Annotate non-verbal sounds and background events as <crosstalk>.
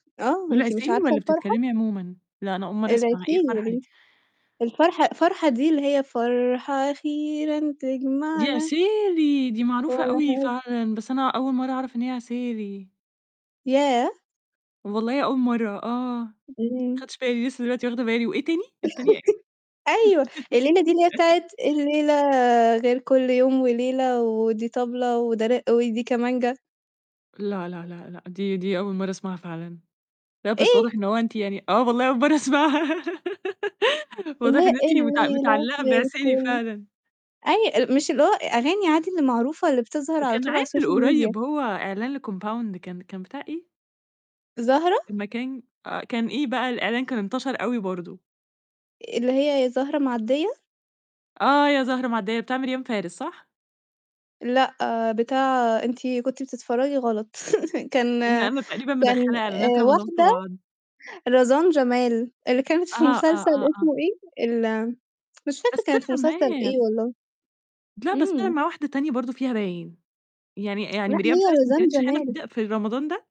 آه، دي أنتِ مش العسيلي عارفة والّا الفرحة؟ بتتكلمي عمومًا؟ لا أنا أول مرة أسمع إيه العسيلي الفرحة دي. يابنتي، الفرحة فرحة دي اللي هي فرحة أخيرًا دي تجمعنا. عسيلي دي معروفة أوي <unintelligible> فعلًا، بس أنا أول مرة أعرف إن هي عسيلي. ياه! والله أول مرة آه، ما إمم. خدتش بالي لسه دلوقتي واخدة بالي وإيه تاني؟ التانية إيه؟ <laughs> أيوه الليلة دي اللي <laughs> بتاعة الليلة غير كل يوم وليلة ودي طبلة وده رِق ودي كمانجا. لأ، لا، لا، لأ، دي دي أول مرة أسمعها فعلًا، لا، بس واضح إيه؟ إن هو أنتِ يعني آه والله أول مرة أسمعها <laughs> اللي واضح هيه إن أنت مت الليلة متعلقة غير بعسيلي كل فعلًا. أي مش اللي هو أغاني عادي المعروفة اللي بتظهر على وكان طول على عامل السوشيال ميديا. قريب هو إعلان لكومباوند كان كان بتاع إيه؟ زهرة؟ المكان آآ، كان إيه بقى الإعلان كان انتشر أوي برضه. اللي هي يا زهرة معدية؟ آه، يا زهرة معدية، بتعمل ميريام فارس صح؟ لأ، بتاع أنتِ كنتي بتتفرجي غلط <laughs> كان إم أنا تقريبًا كان مدخلة إعلانات آآ، رمضان في واحدة بعض. رزان جمال، اللي كانت في أها، آه، مسلسل آه، آه. اسمه إيه؟ ال مش فاكرة بس كانت في طلعت مسلسل معاه. إيه والله، لا، بس أنا إمم. مع واحدة تانية برضه فيها باين، يعني <tsk> يعني لأ ميريام هي فارس ما رزان كنتش هنا جمال. ده ف في رمضان ده؟